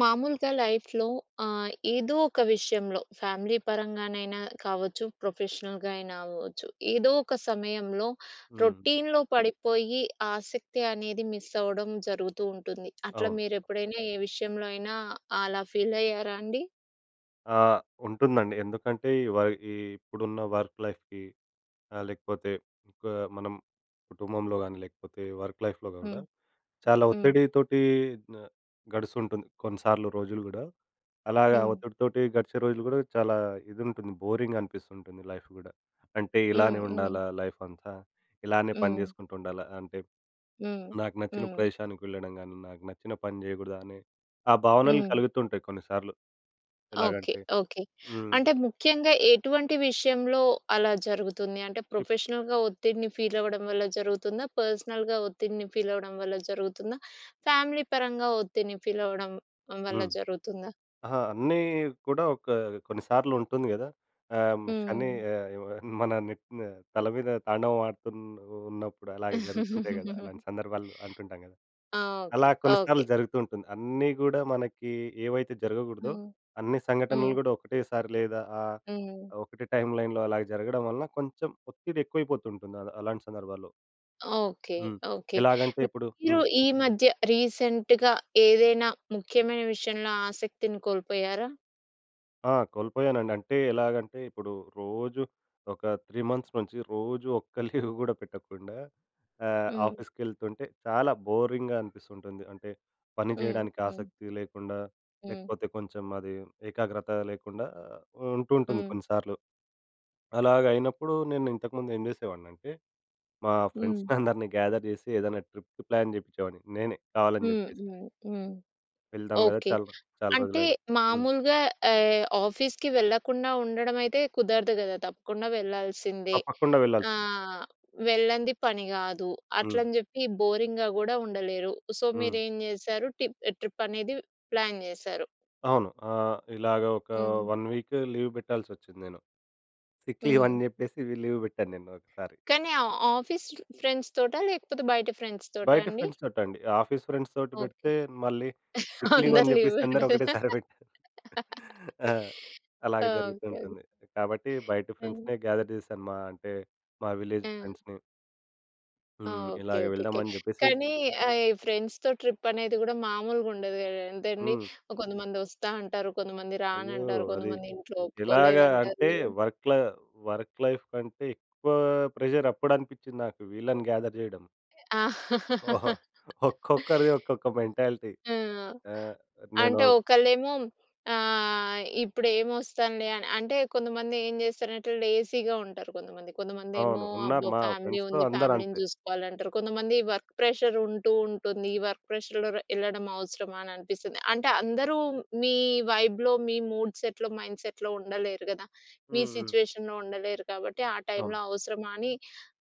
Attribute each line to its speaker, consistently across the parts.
Speaker 1: మామూలుగా లైఫ్‌లో ఆహ్, ఏదో ఒక విషయంలో ఫ్యామిలీ పరంగానైనా కావచ్చు. ప్రొఫెషనల్‌గా అయినా అవ్వచ్చు. ఏదో ఒక సమయంలో
Speaker 2: హ్మ్.
Speaker 1: రొటీన్‌లో పడిపోయి ఆసక్తి అనేది మిస్ అవ్వడం జరుగుతూ ఉంటుంది. అట్లా
Speaker 2: అవును.
Speaker 1: మీరు ఎప్పుడైనా ఏ విషయంలో అయినా అలా ఫీల్ అయ్యారా అండి?
Speaker 2: ఆ! ఉంటుందండి. ఎందుకంటే, ఈ వై ఈ ఇప్పుడున్న వర్క్ లైఫ్‌కి ఆహ్, లేకపోతే ఇంకా మనం కుటుంబంలో కానీ లేకపోతే, వర్క్ లైఫ్‌లో కూడా
Speaker 1: హ్మ్.
Speaker 2: చాలా
Speaker 1: హ్మ్.
Speaker 2: ఒత్తిడితోటి న గడుస్తుంటుంది కొన్నిసార్లు రోజులు కూడా. అలాగా
Speaker 1: హ్మ్.
Speaker 2: ఒత్తిడితోటి గడిచే రోజులు కూడా చాలా ఇది ఉంటుంది బోరింగా అనిపిస్తుంటుంది లైఫ్ కూడా. అంటే
Speaker 1: హ్మ్.
Speaker 2: ఇలానే
Speaker 1: హ్మ్.
Speaker 2: ఉండాలా లైఫ్ అంతా? ఇలానే పని
Speaker 1: హ్మ్.
Speaker 2: చేసుకుంటూ ఉండాలా? అంటే
Speaker 1: హ్మ్.
Speaker 2: నాకు నచ్చిన
Speaker 1: హ్మ్.
Speaker 2: ప్రదేశానికి వెళ్ళడం కాని, నాకు నచ్చిన పని చేయకూడదా అనే, ఆ భావనలు
Speaker 1: హ్మ్.
Speaker 2: కలుగుతుంటాయి కొన్నిసార్లు.
Speaker 1: ఓకే.
Speaker 2: ఎలాగంటే
Speaker 1: ఓకే.
Speaker 2: హ్మ్.
Speaker 1: అంటే ముఖ్యంగా ఎటువంటి విషయంలో అలా జరుగుతుంది? అంటే
Speaker 2: ఇప్
Speaker 1: ప్రొఫెషనల్‌గా ఒత్తిడిని ఫీల్ అవ్వడం వల్ల జరుగుతుందా? పర్సనల్‌గా ఒత్తిడిని ఫీల్ అవ్వడం వల్ల జరుగుతుందా? ఫ్యామిలీ పరంగా ఒత్తిడిని ఫీల్ అవ్వడం వల్ల
Speaker 2: హ్మ్.
Speaker 1: జరుగుతుందా?
Speaker 2: అహా! అన్నీ కూడా ఒక కొన్ని సార్లు ఉంటుంది కదా! ఆహ్, శని
Speaker 1: హ్మ్.
Speaker 2: ఎ మన నెత్తి మీద తల మీద తాండవం ఆడుతు ఉన్నప్ ఉన్నప్పుడు అలాగే జరుగుతుంటాయి కదా! అలాంటి సందర్భాలు అంటుంటాం కదా!
Speaker 1: ఆ! ఓకే.
Speaker 2: అలా కొన్ని
Speaker 1: ఓకే.
Speaker 2: సార్లు జరుగుతూ ఉంటుంది. అన్నీ గూడా మనకి ఏవైతే జరగకూడదో,
Speaker 1: హ్మ్.
Speaker 2: అన్ని
Speaker 1: హ్మ్.
Speaker 2: సంఘటనలు కూడా ఒకటేసారి లేదా ఆహ్,
Speaker 1: హ్మ్.
Speaker 2: ఒకటే టైమ్‌లైన్‌లో అలాగ జరగడం వలన కొంచెం ఒత్తిడి ఎక్కువైపోతు ఉంటుంది అ అలాంటి సందర్భాల్లో.
Speaker 1: ఓకే.
Speaker 2: హ్మ్.
Speaker 1: ఓకే.
Speaker 2: ఎలాగంటే ఇప్పుడు
Speaker 1: మీరు
Speaker 2: హ్మ్.
Speaker 1: ఈ మధ్య రీసెంట్‌గా ఏదైనా ముఖ్యమైన విషయంలో ఆసక్తిని కోల్పోయారా?
Speaker 2: ఆ! కోల్పోయానండి. అంటే ఎలాగంటే, ఇప్పుడు రోజు ఒక 3 మంత్స్ నుంచి రోజు ఒక్క లీవ్ కూడా పెట్టకుండా ఆహ్,
Speaker 1: హ్మ్.
Speaker 2: ఆఫీస్‌కెళ్తుంటే చాలా బోరింగ్‌గా అనిపిస్తుంటుంది. అంటే పని
Speaker 1: హ్మ్.
Speaker 2: చేయడానికి
Speaker 1: హ్మ్.
Speaker 2: ఆసక్తి లేకుండా
Speaker 1: హ్మ్.
Speaker 2: లేకపోతే, కొంచెం అది ఏకాగ్రత లేకుండా ఆహ్, ఉంటు ఉంటుంది
Speaker 1: హ్మ్.
Speaker 2: కొన్నిసార్లు. అలాగైనప్పుడు నేను ఇంతకుముందు ఏం చేసేవాడిని అంటే మా
Speaker 1: హ్మ్.
Speaker 2: ఫ్రెండ్స్‌ని అందరిని గ్యాధర్ చేసి ఏదైనా ట్రిప్‌కి ప్లాన్ చేపిచ్చేవాడిని నేనే కావాలని
Speaker 1: హ్మ్,
Speaker 2: చెప్పేసి...
Speaker 1: హ్మ్, హ్మ్.
Speaker 2: వెళ్దాం కదా!
Speaker 1: ఓకే.
Speaker 2: చాలా రోజ్ చాలా
Speaker 1: అంటే
Speaker 2: రోజులయ్యింది. హ్మ్.
Speaker 1: మామూలుగా ఆహ్, ఆఫీస్‌కి వెళ్ళకుండా ఉండడం అయితే కుదరదు కదా! తప్పకుండా వెళ్ళాల్సిందే.
Speaker 2: తప్పకుండా
Speaker 1: ఆ!
Speaker 2: వెళ్ళాల్సింది.
Speaker 1: వెళ్ళంది పని కాదు.
Speaker 2: హ్మ్.
Speaker 1: అట్లని చెప్పి బోరింగ్‌గా కూడా ఉండలేరు. సో, మీరు
Speaker 2: హ్మ్.
Speaker 1: ఏం చేశారు? టిప్ ట్రిప్ అనేది ప్లాన్ చేశారు.
Speaker 2: అవును. ఆహ్, ఇలాగ ఒక
Speaker 1: హ్మ్.
Speaker 2: వన్ వీక్ లీవ్ పెట్టాల్సొచ్చింది నేను. సిక్ లీవ్ అని
Speaker 1: హ్మ్.
Speaker 2: చెప్పేసి లీవ్ పెట్టాను నేను ఒకసారి.
Speaker 1: కానీ ఆహ్, ఆఫీస్ ఫ్రెండ్స్‌తోటా? లేకపోతే బయట ఫ్రెండ్స్‌తోటా
Speaker 2: బయట
Speaker 1: అండి?
Speaker 2: ఫ్రెండ్స్‌తోటండీ. ఆఫీస్ ఫ్రెండ్స్‌తోటి
Speaker 1: ఓకే.
Speaker 2: పెడితే మళ్ళీ సిక్ లీవ్ అని
Speaker 1: అందరు లీవ్
Speaker 2: చెప్పేసి అందరూ ఒకటే సరిపెట్టారు. ఆహ్,
Speaker 1: [unintelligible]
Speaker 2: అలాగ జరుగుతూ
Speaker 1: ఓకే.
Speaker 2: ఉంటుంది. కాబట్టి బయటి
Speaker 1: హ్మ్.
Speaker 2: ఫ్రెండ్స్‌నే గ్యాధర్ చేశాను. మా అంటే మా విలేజ్
Speaker 1: హ్మ్.
Speaker 2: ఫ్రెండ్స్‌ని.
Speaker 1: ఆ!
Speaker 2: హ్మ్.
Speaker 1: ఓకె,
Speaker 2: ఇలాగ
Speaker 1: ఓకె, ఓకె.
Speaker 2: వెళ్దామని చెప్పేసి
Speaker 1: కానీ ఆహ్, ఫ్రెండ్స్‌తో ట్రిప్ అనేది కూడా, మామూలుగుండద ఎంతండి.
Speaker 2: హ్మ్.
Speaker 1: కొంతమంది వస్తా అంటారు, కొంతమంది
Speaker 2: అయ్యో!
Speaker 1: రానంటారు,
Speaker 2: అది
Speaker 1: కొంతమంది ఇంట్లో
Speaker 2: ఎలాగా, అంటే
Speaker 1: ఒప్పుకోలేదంటారు.
Speaker 2: వర్క్ లై వర్క్ లైఫ్ కంటే ఎక్కువా, ప్రెషర్ అప్పుడు అనిపించింది నాకు. వీళ్ళని గాథర్ చేయడం. ఓహో!
Speaker 1: ఆ!
Speaker 2: ఒక్కొక్కరిది ఒక్కొక్క మెంటాలిటీ. అ! నేను
Speaker 1: అంటే, ఒకళ్ళేమో ఆహ్, ఇప్పుడు ఏమి వస్తానులే అని అంటే, కొంతమంది ఏం చేస్తారంటే, లేజీగా ఉంటారు కొంతమంది. కొంతమందేమో,
Speaker 2: అవును. ఉన్నారు.
Speaker 1: "అబ్బో!
Speaker 2: మా
Speaker 1: ఫ్యామిలీ
Speaker 2: ఫ్రెండ్స్‌లో
Speaker 1: ఉంది, ఫ్యామిలీని
Speaker 2: అందరంతే.
Speaker 1: చూసుకోవాలి" అంటారు. కొంతమంది వర్క్ ప్రెషర్ ఉంటూ ఉంటుంది, ఈ వర్క్ ప్రెషర్‌లో ర వెళ్ళడం అవసరమా! అని అనిపిస్తుంది. అంటే, అందరూ మీ, వైబ్‌లో, మీ మూడ్ సెట్‌లో, మైండ్ సెట్‌లో ఉండలేరు కదా! మీ
Speaker 2: హ్మ్, హ్మ్.
Speaker 1: సిట్యుయేషన్‌లో ఉండలేరు. కాబట్టి, ఆ
Speaker 2: అవును.
Speaker 1: టైంలో అవసరమా అని,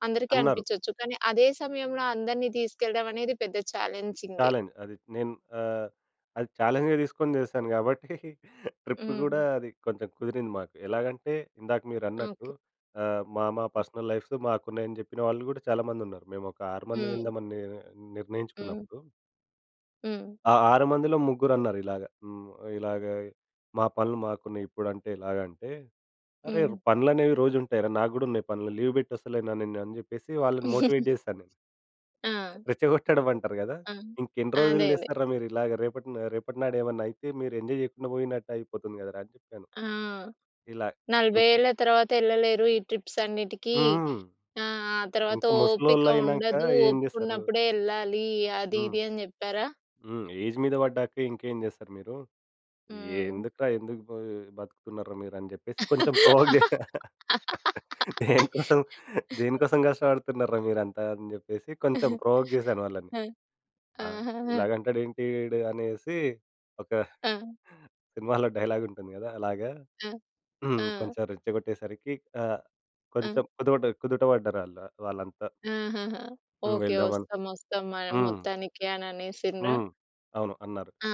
Speaker 1: అందరికీ
Speaker 2: అన్నారు.
Speaker 1: అనిపించొచ్చు. కానీ, అదే సమయంలో, అందరిని తీసుకెళ్ళడం అనేది పెద్ద ఛాలెంజింగే.
Speaker 2: చాలెంజ్. అది నేను, ఆహ్, అది చాలెంజ్‌గా తీసుకొని చేశాను కాబట్టి. ట్రిప్ కూడా,
Speaker 1: హ్మ్.
Speaker 2: అది కొంచెం కుదిరింది మాకు. ఎలాగంటే, ఇందాక మీరు అన్నట్టు
Speaker 1: ఓకె.
Speaker 2: ఆహ్, "మా మా పర్సనల్ లైవ్స్ మాకు ఉన్నాయి," అని చెప్పిన వాళ్ళు కూడా, చాలా మంది ఉన్నారు. మేము ఒక ఆరు మంది
Speaker 1: హ్మ్.
Speaker 2: వెల్దామని, ని
Speaker 1: హ్మ్.
Speaker 2: నిర్ణయించుకున్నప్పుడు.
Speaker 1: హ్మ్.
Speaker 2: ఆ ఆరు మందిలో, ముగ్గురు అన్నారు ఇలాగ. హ్మ్. ఇలాగ "మా పనులు మాకున్నాయి. ఇప్పుడంటే ఎలాగ" అంటే, అరే
Speaker 1: హ్మ్.
Speaker 2: పనులనేవి రోజు ఉంటాయిరా, నాకు కూడా ఉన్నాయి పనులు. లీవ్ పెట్టి వస్తలేనా! అని చెప్పేసి, వాళ్ళని మోటివేట్ చేశాను.
Speaker 1: ఆ!
Speaker 2: రెచ్చగొట్టడం అంటారు కదా!
Speaker 1: ఆ!
Speaker 2: ఇంక ఎన్ని రోజులు
Speaker 1: అదదే.
Speaker 2: చేస్తార్రా, మీరు ఇలాగ? రేపట్ రేపటి నాడు ఏమైనా అయితే మీరు ఎంజాయ్ చేయకుండా పోయినట్టు అయిపోతుంది కదరా! అని చెప్పాను.
Speaker 1: ఆ!
Speaker 2: ఇలా.
Speaker 1: 40
Speaker 2: కొంచెం
Speaker 1: ఏళ్ల తర్వాత వెళ్ళలేరు ఈ ట్రిప్స్ అన్నిటికి.
Speaker 2: హ్మ్.
Speaker 1: ఆహ్, ఆ తర్వాత
Speaker 2: ఇంకా
Speaker 1: ఓపిక
Speaker 2: ముసలోళ్ళు అయినాక
Speaker 1: ఉండదు.
Speaker 2: ఏం
Speaker 1: ఓపిక
Speaker 2: చేస్తారు?
Speaker 1: ఉన్నప్పుడే వెళ్ళాలి. అది
Speaker 2: హ్మ్.
Speaker 1: ఇది అని చెప్పారా?
Speaker 2: హ్మ్. ఏజ్ మీద పడ్డాక, ఇంకేం చేస్తారు మీరు? ఏ
Speaker 1: హ్మ్.
Speaker 2: ఎందుకురా ఎందుకు బ బతుకుతున్నారు మీరు? అని చెప్పేసి కొంచెం ప్రోవోక్ చేసా. దేని కోసం, దేనికోసం కష్టపడుతున్నార్రా మీరంతా? అని చెప్పేసి, కొంచెం ప్రోవోక్ చేశాను వాళ్ళని. ఆ!
Speaker 1: ఆహాహా!
Speaker 2: ఇలాగ అంటాడు ఏంటి వీడు అనేసి, ఒక
Speaker 1: ఆ!
Speaker 2: సినిమాలో డైలాగ్ ఉంటుంది కదా! అలాగా.
Speaker 1: ఆ!
Speaker 2: హ్మ్,
Speaker 1: ఆ!
Speaker 2: కొంచెం రెచ్చగొట్టేసరికి ఆహ్, కొంచెం
Speaker 1: ఆ!
Speaker 2: కుదువ కుదుట పడ్డారు వాళ్ళు, వాళ్ళంతా.
Speaker 1: ఆహాహా!
Speaker 2: హ్మ్.
Speaker 1: ఓకే.
Speaker 2: వెళ్దామని.
Speaker 1: వస్తాం, వస్తాం మరి
Speaker 2: హ్మ్.
Speaker 1: మొత్తానికి అని అనేసిండ్రా?
Speaker 2: హ్మ్. అవును, అన్నారు.
Speaker 1: ఆ!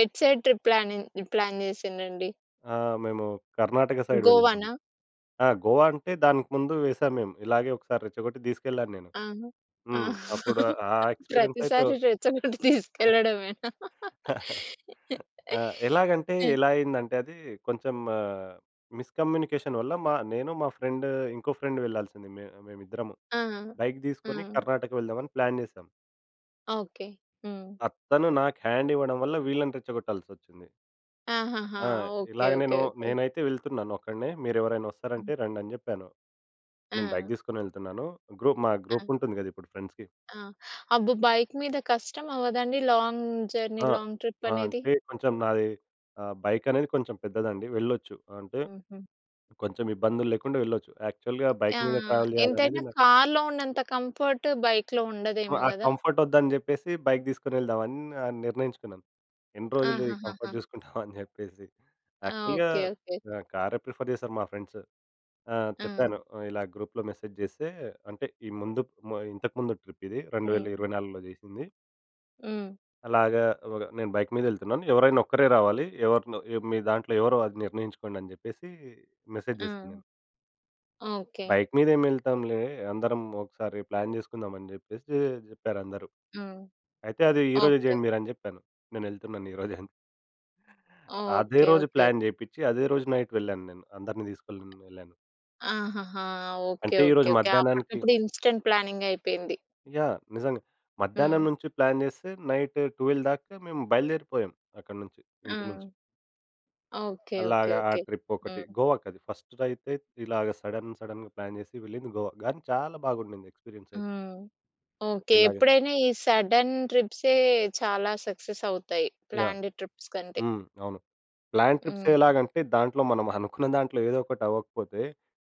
Speaker 1: ఎటు సైడ్ ట్రిప్ ప్లానింగ్ ప్లాన్ చేసిండ్రండి?
Speaker 2: ఆ! మేము కర్ణాటక సైడ్ వెళ్ళాము.
Speaker 1: గోవానా?
Speaker 2: ఆ! గోవా అంటే, దానికి ముందు వేశాం మేము. ఇలాగే ఒకసారి రెచ్చగొట్టి తీసుకెళ్ళాను నేను.
Speaker 1: ఆ!
Speaker 2: హ్మ్. అప్పుడు ఆ ఎక్స్‌పిరియన్స్ అయితే
Speaker 1: ప్రతిసారి రెచ్చకొట్టి తీసుకెళ్ళడమేనా?
Speaker 2: ఆ! ఎలాగంటే, ఎలా అయిందంటే అది, కొంచెం మిస్ కమ్యూనికేషన్ వల్ల మా నేను, మా ఫ్రెండ్, ఇంకో ఫ్రెండ్ వెళ్ళాల్సింది, మే మేమిద్దరము.
Speaker 1: ఆ!
Speaker 2: బైక్ తీసుకొని,
Speaker 1: హ్మ్.
Speaker 2: కర్ణాటక వెళ్దామని ప్లాన్ చేసాం.
Speaker 1: ఓకే. హ్మ్.
Speaker 2: ఆ! తను నాకు హ్యాండ్ ఇవ్వడం వల్ల, వీళ్ళని రెచ్చగొట్టాసొచ్చింది.
Speaker 1: ఆహాహా!
Speaker 2: ఆ!
Speaker 1: ఓకే.
Speaker 2: ఇలాగ
Speaker 1: ఓకే.
Speaker 2: నేను
Speaker 1: ఓకే.
Speaker 2: నేనైతే వెళ్తున్నాను ఒక్కడినే. మీరు ఎవరైనా వస్తారంటే, రండని జెప్పాను. నేను బైక్
Speaker 1: ఆ!
Speaker 2: తీసుకొని వెళ్తున్నాను. గ్రూప్ మా
Speaker 1: ఆ!
Speaker 2: గ్రూప్ ఉంటుంది గదా! ఇప్పుడు ఫ్రెండ్స్‌కి.
Speaker 1: ఆ! అబ్బో! బైక్ మీద కష్టం అవ్వదా అండి? లాంగ్ జర్నీ
Speaker 2: ఆ!
Speaker 1: లాంగ్ ట్రిప్
Speaker 2: ఆ!
Speaker 1: అనేది.
Speaker 2: అంటే కొంచెం నాది ఆహ్, బైక్ అనేది కొంచెం పెద్దదండి వెళ్ళొచ్చు. ఆహ్, అంటే
Speaker 1: హుహు.
Speaker 2: కొంచెం ఇబ్బందులు లేకుండా వెళ్ళొచ్చు. యాక్చువల్‌గా బైక్ మీద
Speaker 1: ఆహ్,
Speaker 2: ట్రావెల్ చేయాలనేది
Speaker 1: ఎంతైనా
Speaker 2: నా
Speaker 1: కార్‌లో ఉన్నంత కంఫర్ట్ బైక్‌లో
Speaker 2: ఆ!
Speaker 1: ఉండదేమో
Speaker 2: ఆ
Speaker 1: గదా!
Speaker 2: కంఫర్ట్ వద్దని జెప్పేసి బైక్ తీసుకొని వెళ్దామని నిర్ణయించుకున్నాను. ఎన్ని రోజులు ఈ
Speaker 1: ఆహహహా!
Speaker 2: కంఫర్ట్ జూసుకుంటాం అని చెప్పేసి
Speaker 1: ఆ!
Speaker 2: యాక్చువల్‌గ
Speaker 1: ఓకే. ఓకే.
Speaker 2: ఆహ్, కారే ప్రిఫర్ చేశారు మా ఫ్రెండ్స్. ఆహ్,
Speaker 1: ఆ!
Speaker 2: చెప్పాను ఇలా గ్రూప్‌లో మెసేజ్ జేస్తే అంటే, ఈ ముందు ఇంతకుముందు ట్రిప్ ఇది. రెండు వేల
Speaker 1: హ్మ్.
Speaker 2: ఇరవై నాలుగులో జేసింది.
Speaker 1: హ్మ్.
Speaker 2: అలాగా, ఒగ నేను బైక్ మీద యెళ్తున్నాను ఎవరైనా ఒక్కరే రావాలి. ఎవరినో మీ దాంట్లో ఎవరో అది నిర్ణయించుకోండి, అని జెప్పేసి మెసేజ్
Speaker 1: ఆ!
Speaker 2: జేసా నేను.
Speaker 1: ఓకే.
Speaker 2: బైక్ మీద ఏం ఎళ్తాంలే, అందరం ఒకసారి ప్లాన్ జేసుకుందాం అని జెప్పేసి జెప్పారందరూ.
Speaker 1: హ్మ్.
Speaker 2: అయితే అది ఈ రోజే
Speaker 1: ఓకే.
Speaker 2: జేయండి మీరు అని జెప్పాను. నేను వెళ్తున్నాను ఈరోజే అని. అదే
Speaker 1: ఓకే. ఓకే.
Speaker 2: రోజు
Speaker 1: ఓకే.
Speaker 2: ప్లాన్ జేయ్పిచ్చి, అదే రోజు నైట్ వెళ్ళాను నేను. అందరిని తీసుకొని [unintelligible] ఎళ్ళాను.
Speaker 1: ఆహాహా! ఓకే.
Speaker 2: అంటే,
Speaker 1: ఓకే.
Speaker 2: ఈరోజు
Speaker 1: ఓకే.
Speaker 2: మధ్యాహ్నానికి
Speaker 1: అప్పటికప్పుడు ఇన్స్టంట్ ప్లానింగ్ అయిపోయింది.
Speaker 2: యాహ్! నిజంగా
Speaker 1: హ్మ్.
Speaker 2: మధ్యాహ్నం నుంచి ప్లాన్ జేస్తే, నైట్ 12 దాకా మేము బయలుదేరిపోయాం. అక్కడి నుంచి
Speaker 1: ఆ!
Speaker 2: ఇంటి నుంచి.
Speaker 1: ఓకే. ఓకే.
Speaker 2: అలాగా ఆ
Speaker 1: ఓకే.
Speaker 2: ట్రిప్ ఒకటి
Speaker 1: హ్మ్.
Speaker 2: గోవాకి అది ఫస్ట్ దైతే. ఇలాగా సడెన్, సడెన్‌గ ప్లాన్ జేసి వెళ్ళింది గోవా. గానీ చాలా బాగుండింది ఎక్స్పీరియన్స్ అయితే.
Speaker 1: హ్మ్. ఓకే.
Speaker 2: ఇలాగ
Speaker 1: ఎప్పుడైనా ఈ సడెన్ ట్రిప్సే చాలా సక్సెస్ అవుతాయి.
Speaker 2: యహ్!
Speaker 1: ప్లానెడ్ ట్రిప్స్ కంటే.
Speaker 2: హ్మ్. అవును ప్లాన్ ట్రిప్స్
Speaker 1: హ్మ్.
Speaker 2: ఎలాగంటే, దాంట్లో మనం అనుకున్న దాంట్లో ఏదో ఒకటి అవ్వకపోతే,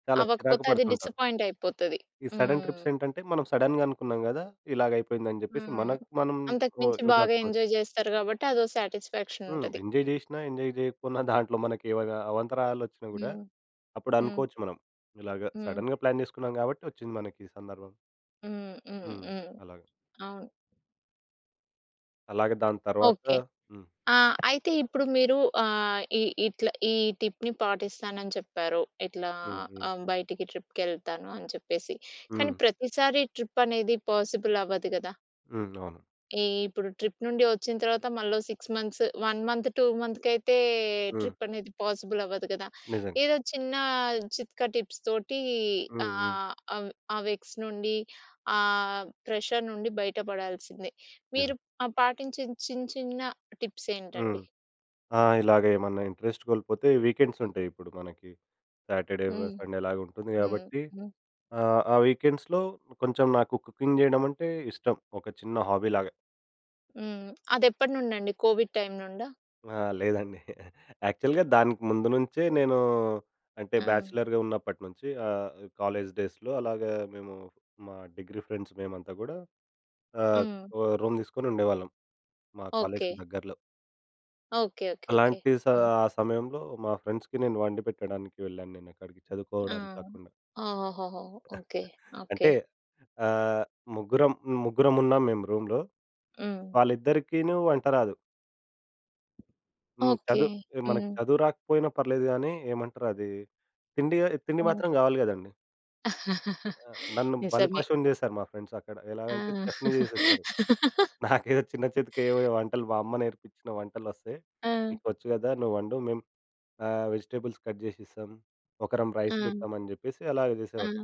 Speaker 2: చాలా చిరాకు
Speaker 1: అవ్వకపోతే, అది
Speaker 2: పడుతుంటారు.
Speaker 1: డిసప్పాయింట్ అయిపోతది.
Speaker 2: ఈ సడన్
Speaker 1: హ్మ్.
Speaker 2: ట్రిప్స్ ఏంటంటే మనం సడెన్‌గ అనుకున్నాం గదా! ఇలాగ అయిపోయింది, అని జెప్పేసి
Speaker 1: హ్మ్.
Speaker 2: మనకు మనం
Speaker 1: అంతకు
Speaker 2: ఓ
Speaker 1: మించి బాగా
Speaker 2: ఓదార్చు‌కోవచ్చు.
Speaker 1: ఎంజాయ్ జేస్తారు గాబట్టి, అదో సాటిస్ఫెక్సన్
Speaker 2: హ్మ్.
Speaker 1: ఉంటది.
Speaker 2: ఎంజాయ్ జేసినా, ఎంజాయ్ జేయకపోయిన, దాంట్లో మనకి ఇలాగ అవాంతరాలు వచ్చినా గూడా,
Speaker 1: హ్మ్. హ్మ్.
Speaker 2: అప్పుడనుకోవచ్చు మనం ఇలాగ
Speaker 1: హ్మ్.
Speaker 2: సడెన్‌గ ప్లాన్ జేసుకున్నాం గాబట్టి, వచ్చింది మనకి ఈ సందర్భం.
Speaker 1: హ్మ్. హ్మ్.
Speaker 2: హ్మ్.
Speaker 1: హ్మ్.
Speaker 2: అలాగా.
Speaker 1: అవును.
Speaker 2: అలాగే దాని తర్వాత
Speaker 1: ఓకే.
Speaker 2: హ్మ్.
Speaker 1: ఆహ్, అయితే ఇప్పుడు మీరు ఆహ్, ఈ ఈ ఇట్లా ఈ టిప్‌ని పాటిస్తానని చెప్పారు. ఇట్లా
Speaker 2: హ్మ్. హ్మ్.
Speaker 1: ఆహ్, బయటికి ట్రిప్‌కెళ్తాను అని చెప్పేసి. కానీ
Speaker 2: హ్మ్.
Speaker 1: ప్రతిసారి ట్రిప్ అనేది పాసిబుల్ అవ్వదు గదా...
Speaker 2: హ్మ్. అవును.
Speaker 1: ఈ ఇప్పుడు ట్రిప్ నుండి వచ్చిన తర్వాత మళ్ళో 6 మంత్స్, 1 మంత్, 2 మంత్స్‌‌కి అయితే
Speaker 2: హ్మ్.
Speaker 1: ట్రిప్ అనేది పాసిబుల్ అవ్వదు గదా!
Speaker 2: నిజం.
Speaker 1: ఏదో చిన్న చిట్కా టిప్స్‌తోటి
Speaker 2: హ్మ్.
Speaker 1: ఆహ్,
Speaker 2: హ్మ్.
Speaker 1: ఆహ్, ఆహ్, ఆవ్ ఆ వెక్స్ నుండి ఆహ్, ప్రెషర్ నుండి బయట పడాల్సిందే.
Speaker 2: నిజం.
Speaker 1: మీరు ఆహ్, పాటించిన చిన్, చిన్న టిప్స్
Speaker 2: హ్మ్.
Speaker 1: ఏంటండి?
Speaker 2: ఆహ్, ఇలాగ ఏమన్నా ఇంట్రెస్ట్ కోల్పోతే వీకెండ్సుంటాయి ఇప్పుడు మనకి. సాటర్‌డే,
Speaker 1: హ్మ్.
Speaker 2: సండేలాగా ఉంటుంది
Speaker 1: హ్మ్.
Speaker 2: కాబట్టి
Speaker 1: హ్మ్.
Speaker 2: ఆహ్, ఆ వీకెండ్స్‌లో కొంచెం నాకు కుకింగ్ చేయడం అంటే ఇష్టం. ఒక చిన్న హాబీలాగా.
Speaker 1: హ్మ్. అది ఎప్పటి నుండి అండి? కోవిడ్ టైమ్ నుండా?
Speaker 2: ఆ! లేదండి. యాక్చువల్‌గా దానికి ముందు నుంచే నేను అంటే
Speaker 1: ఆ!
Speaker 2: బ్యాచిలర్‌గా ఉన్నప్పటి నుంచి. ఆహ్, కాలేజ్ డేస్‌లో అలాగా మేము మా డిగ్రీ ఫ్రెండ్స్ మేమంతా గూడా ఆహ్,
Speaker 1: హ్మ్.
Speaker 2: ఓహ్! రూమ్ తీసుకొని ఉండేవాళ్ళం. మా కాలేజ్‌కి
Speaker 1: ఓకే.
Speaker 2: దగ్గరలో.
Speaker 1: ఓకే. ఓకే. ఓకే.
Speaker 2: అలాంటి స
Speaker 1: హ్మ్.
Speaker 2: ఆ సమయంలో మా ఫ్రెండ్స్‌కి నేను వండి పెట్టడానికి వెళ్ళాను నేను అక్కడికి
Speaker 1: ఆ!
Speaker 2: చదువుకోవడానికి కాకుండా.
Speaker 1: ఓహోహోహో! ఓకే. ఓకే.
Speaker 2: అంటే ఆహ్, ముగ్గురం ముగ్గురం ఉన్నాం మేము రూమ్‌లో.
Speaker 1: హ్మ్.
Speaker 2: వాళ్ళిద్దరికీనూ వంట రాదు. హ్మ్.
Speaker 1: ఓకే.
Speaker 2: చదువు మనకు
Speaker 1: హ్మ్.
Speaker 2: చదువు రాకపోయినా పర్లేదు గాని, ఏమంటారు అది తిండి తిండి మాత్రం
Speaker 1: ఏంటి?
Speaker 2: కావాలి కదండీ. ఆ! నన్ను
Speaker 1: నిజమే.
Speaker 2: బలిపశువుని చేశారు మా ఫ్రెండ్స్ అక్కడ. ఎలాగంటే,
Speaker 1: ఆ!
Speaker 2: చెఫ్‌ని చేసేసారు. నాకేదో చిన్న చితకేవో వంటలు. మా అమ్మ నేర్పించిన వంటలు వస్తాయి.
Speaker 1: ఆ!
Speaker 2: "నీకు వచ్చు కదా నువ్వు వండు. మేము ఆహ్, వెజిటేబుల్స్ కట్ చేసిస్తాం. ఒకరం రైస్
Speaker 1: ఆ!
Speaker 2: పెడతామని" చెప్పేసి అలాగే
Speaker 1: ఆ!
Speaker 2: చేసేవారు.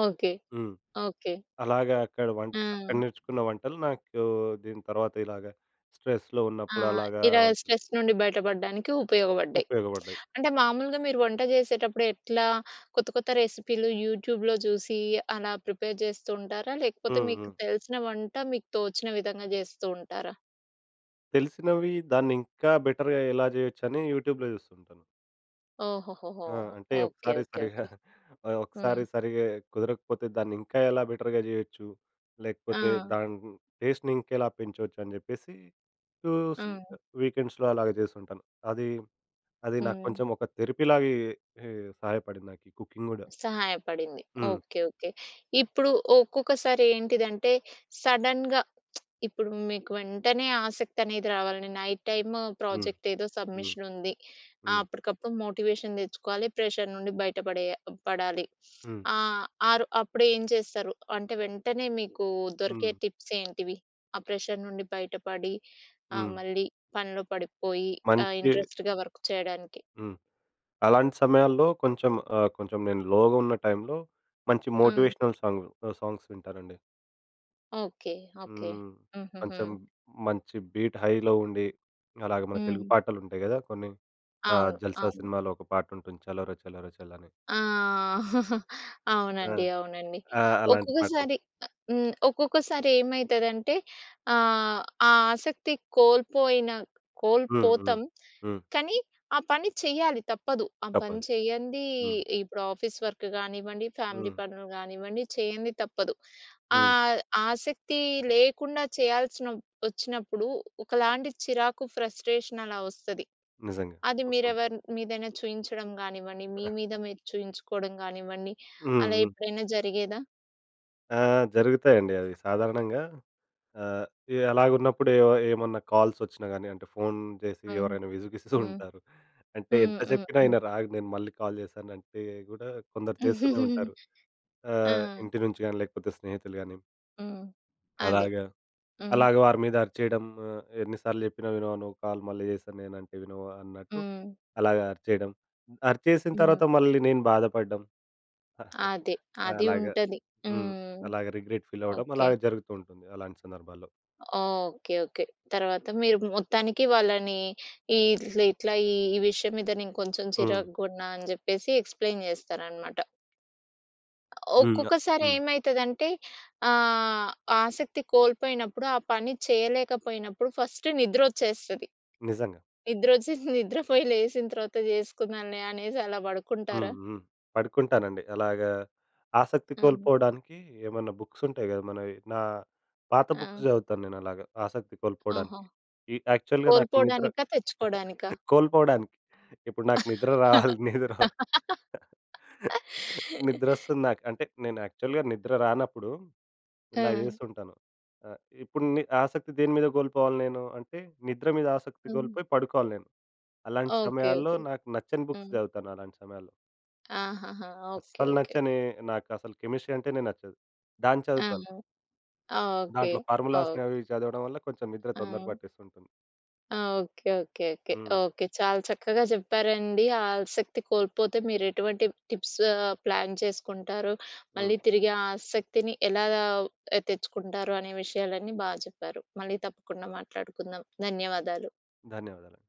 Speaker 1: ఓకే.
Speaker 2: హ్మ్.
Speaker 1: ఓకే.
Speaker 2: అలాగా అక్కడ వంట అక్కడ
Speaker 1: ఆ!
Speaker 2: నేర్చుకున్న వంటలు నాకు దీని తర్వాత ఇలాగా, స్ట్రెస్‌లో
Speaker 1: ఆ!
Speaker 2: ఉన్నప్పుడు అలాగా.
Speaker 1: ఇలా స్ట్రెస్ నుండి బయటపడ్డానికి ఉపయోగపడ్డాయి.
Speaker 2: ఉపయోగపడ్డాయి.
Speaker 1: అంటే, మామూలుగా మీరు వంట చేసేటప్పుడు, ఎట్లా కొత్త కొత్త రెసిపీలు యూట్యూబ్‌లో చూసి, అలా ప్రిపేర్ చేస్తూ ఉంటారా? లేకపోతే
Speaker 2: హ్మ్.
Speaker 1: మీకు
Speaker 2: హ్మ్.
Speaker 1: తెలిసిన వంట మీకు తోచిన విధంగా చేస్తూ ఉంటారా?
Speaker 2: తెలిసినవి దాన్ని ఇంకా బెటర్‌గా ఎలా చేయొచ్చని యూట్యూబ్‌లో చూస్తుంటాను.
Speaker 1: ఓహొహొహోహొ!
Speaker 2: ఆ! అంటే
Speaker 1: ఓకె.
Speaker 2: ఒకసారి
Speaker 1: ఓకె.
Speaker 2: సరిగ్గా,
Speaker 1: ఓకె.
Speaker 2: ఒకసారి
Speaker 1: హ్మ్.
Speaker 2: సరిగ్గా కుదరకపోతే దాన్ని ఇంకా ఎలా బెటర్‌గా చేయొచ్చు? లేకపోతే
Speaker 1: ఆ!
Speaker 2: దాని టేస్ట్‌ని ఇంకెలా పెంచొచ్చు అని చెప్పేసి, చూసి
Speaker 1: హ్మ్.
Speaker 2: వీకెండ్స్‌లో అలాగా చేస్తుంటాను. అది, అది నాకు
Speaker 1: హ్మ్.
Speaker 2: కొంచెం ఒక థెరపీ లాగే, హే సహాయపడింది నాకీ కుకింగ్ కూడా.
Speaker 1: సహాయపడింది.
Speaker 2: హ్మ్.
Speaker 1: ఓకె. ఓకె. ఇప్పుడు ఒక్కొక్కసారి ఏంటిదంటే? సడన్‌గా ఇప్పుడు మీకు వెంటనే ఆసక్తి అనేది రావాలి. నైట్ టైమ్
Speaker 2: హ్మ్.
Speaker 1: ప్రాజెక్ట్ ఏదో
Speaker 2: హ్మ్.
Speaker 1: సబ్మిషన్ ఉంది. ఆహ్
Speaker 2: హ్మ్.
Speaker 1: అప్పటికప్పుడు మోటివేషన్ తెచ్చుకోవాలి. ప్రెజర్ నుండి బయట పడేయ పడాలి.
Speaker 2: హ్మ్.
Speaker 1: ఆహ్, ఆరో అప్పుడు ఏం చేస్తారు? అంటే వెంటనే మీకు దొరికే
Speaker 2: హ్మ్.
Speaker 1: టిప్స్ ఏంటివి? ఆ ప్రెజర్ నుండి బయటపడి, ఆహ్,
Speaker 2: హ్మ్.
Speaker 1: మళ్ళీ పనిలో పడిపోయి ఆహ్,
Speaker 2: మంచి
Speaker 1: ఇంట్రెస్ట్‌గా వర్క్ చేయడానికి.
Speaker 2: హ్మ్. అలాంటి సమయాల్లో కొంచెం ఆహ్, కొంచెం నేను లోగా ఉన్న టైంలో, మంచి
Speaker 1: హ్మ్.
Speaker 2: మోటివేషనల్ సాంగ్ సాంగ్స్ వింటానండి.
Speaker 1: ఓకె. ఓకె.
Speaker 2: హ్మ్.
Speaker 1: హుహుహు.
Speaker 2: కొంచెం మంచి బీట్, హైలో ఉండి, అలాగే మన తెలుగు
Speaker 1: హ్మ్.
Speaker 2: పాటలు ఉంటాయి కదా! కొన్ని ఆహ్,
Speaker 1: అవును,
Speaker 2: 'జల్సా'
Speaker 1: అవును.
Speaker 2: సినిమాలో ఒక పాటుంటుంది 'చలోరే చలోరే చల్' అని.
Speaker 1: ఆ!
Speaker 2: ఆ!
Speaker 1: అవునండి. అవునండి.
Speaker 2: ఆ! అలాంటి పాటలు.
Speaker 1: ఒక్కొక్కసారి హ్మ్. ఒక్కొక్కసారి ఏమైతదంటే ఆహ్, ఆ ఆసక్తి కోల్పోయిన
Speaker 2: హ్మ్, హ్మ్,
Speaker 1: కోల్పోతాం.
Speaker 2: హ్మ్.
Speaker 1: కానీ ఆ పని చేయాలి తప్పదు. ఆ పని
Speaker 2: తప్పదు.
Speaker 1: చేయంది,
Speaker 2: హ్మ్.
Speaker 1: ఇప్పుడు ఆఫీస్ వర్క్ కానివ్వండి, ఫ్యామిలీ
Speaker 2: హ్మ్.
Speaker 1: పనులు కానివ్వండి చేయంది తప్పదు.
Speaker 2: హ్మ్.
Speaker 1: ఆహ్, ఆసక్తి లేకుండా చేయాల్సినప్ వచ్చినప్పుడు ఒకలాంటి చిరాకు ఫ్రస్ట్రేషన్ అలా వస్తది.
Speaker 2: నిజంగా.
Speaker 1: అది
Speaker 2: వస్తుంది.
Speaker 1: మీరెవర్న్ మీదైనా చూయించడం కానివ్వండి. మీ మీద మీరు చూయించుకోవడం కానివ్వండి. అలా
Speaker 2: హుహు.
Speaker 1: ఎప్పుడైనా జరిగేదా?
Speaker 2: ఆ! ఆ! జరుగుతాయండి అవి. సాధారణంగా ఆహ్, ఎలాగున్నప్పుడు ఏ ఏమన్నా కాల్స్ వచ్చినా గానీ అంటే, ఫోన్ చేసి
Speaker 1: హ్మ్.
Speaker 2: ఎవరైనా విసిగిస్తూ
Speaker 1: హ్మ్.
Speaker 2: ఉంటారు. అంటే
Speaker 1: హ్మ్,
Speaker 2: ఎంత
Speaker 1: హ్మ్,
Speaker 2: చెప్పినా
Speaker 1: హ్మ్.
Speaker 2: వినరు ఆగు నేను మళ్ళీ కాల్ చేస్తానంటే కూడా కొందరు చేస్తూనే ఉంటారు. ఆహ్,
Speaker 1: ఆహ్!
Speaker 2: ఇంటి నుంచి గానీ, లేకపోతే స్నేహితులుగాని.
Speaker 1: హ్మ్. అదే.
Speaker 2: అలాగా,
Speaker 1: హ్మ్.
Speaker 2: అలాగా వారి మీద అరిచేయడం ఆహ్, ఎన్ని సార్లు చెప్పినా వినవా నువ్వు కాల్ మళ్ళీ చేస్తానంటే వినవా అన్నట్టు,
Speaker 1: హ్మ్.
Speaker 2: అలాగా అరిచేయడం. అరిచేసిన తర్వాత మళ్ళీ నేను బాధపడ్డం,
Speaker 1: అదే. అదీ
Speaker 2: అలాగా.
Speaker 1: ఉంటది.
Speaker 2: హ్మ్.
Speaker 1: హ్మ్.
Speaker 2: అలాగా రిగ్రెట్ ఫీల్ అవ్వడం అలా
Speaker 1: ఓకే.
Speaker 2: జరుగుతూ ఉంటుంది అలాంటి సందర్భాల్లో.
Speaker 1: ఓకే! ఓకే! తర్వాత మీరు మొత్తానికి వాళ్ళని ఈ ఇట్లా, ఇట్లా ఈ విషయం మీద నేను కొంచెం
Speaker 2: హ్మ్.
Speaker 1: చిరాగున్నా అని చెప్పేసి ఎక్స్‌ప్లేన్ చేస్తారనమాట.
Speaker 2: హ్మ్. న
Speaker 1: ఒక్కొక్కసారి
Speaker 2: హ్మ్.
Speaker 1: ఏమైతదంటే ఆహ్, ఆశక్తి కోల్పోయినప్పుడు, ఆ పని చేయలేకపోయినప్పుడు ఫస్ట్ నిద్రోచ్చేస్తది.
Speaker 2: నిజంగా.
Speaker 1: నిద్రొచేసి నిద్రపోయి లేచిన తర్వాత చేసుకుందాంలే అనేసి అలా
Speaker 2: హ్మ్.
Speaker 1: పడుకుంటారా?
Speaker 2: హ్మ్. పడుకుంటానండి. అలాగా ఆసక్తి
Speaker 1: హ్మ్.
Speaker 2: కోల్పోవడానికి ఏమన్నా బుక్స్ ఉంటాయి కదా! మనవి నా పాత బుక్స్
Speaker 1: ఆ!
Speaker 2: చదువుతాను, నేను అలాగా. ఆశక్తి
Speaker 1: ఓహో!
Speaker 2: కోల్పోడానికి. ఈ యాక్చువల్‌గా నాకు నిద్ర
Speaker 1: కోల్పోడానికా? తెచ్చుకోడానికా?
Speaker 2: కోల్పోవడానికి, ఇప్పుడు నాకు నిద్ర రావాలి, నిద్ర నిద్ర వస్తుంది నాకు అంటే నేను యాక్చువల్‌గా నిద్ర రానప్పుడు ఇలా
Speaker 1: ఆ!
Speaker 2: చేస్తుంటాను. ఆహ్, ఇప్పుడు ని ఆశక్తి దేనిమీద కోల్పోవాలి నేను, అంటే నిద్ర మీద ఆశక్తి
Speaker 1: హ్మ్.
Speaker 2: కోల్పోయి పడుకోవాలి నేను. అలాంటి
Speaker 1: ఓకే,
Speaker 2: సమయాల్లో
Speaker 1: ఓకే.
Speaker 2: నాకు నచ్చని బుక్స్
Speaker 1: హ్మ్.
Speaker 2: చదువుతాను అలాంటి సమయాల్లో.
Speaker 1: ఆహాహా! ఓకే
Speaker 2: అస్సలు
Speaker 1: ఓకే. ఓకే.
Speaker 2: నచ్చని! నాకు అసలు కెమిస్ట్రీ అంటేనే నచ్చదు. దాన్ని
Speaker 1: ఆ!
Speaker 2: చదువుతాను...
Speaker 1: ఓకే,
Speaker 2: దాంట్లో
Speaker 1: ఓకే.
Speaker 2: ఫార్ములాస్‌ని అవి చదవడం వల్ల కొంచెం నిద్ర తొందర
Speaker 1: ఆ!
Speaker 2: పట్టేస్తుంటుంది.
Speaker 1: ఆ! Okay. Okay. Okay.
Speaker 2: Hmm.
Speaker 1: Okay. చాలా చక్కగా చెప్పారండి ఆశక్తి కోల్పోతే మీరు ఎటువంటి టిప్స్ ఆహ్, ప్లాన్ చేసుకుంటారు.
Speaker 2: హ్మ్.
Speaker 1: మళ్ళీ తిరిగి ఆశక్తిని ఎలాగ, తెచ్చుకుంటారు అనే విషయాలన్నీ బా చెప్పారు. మళ్ళీ తప్పకుండా మాట్లాడుకుందాం. ధన్యవాదాలు.
Speaker 2: ధన్యవాదాలు.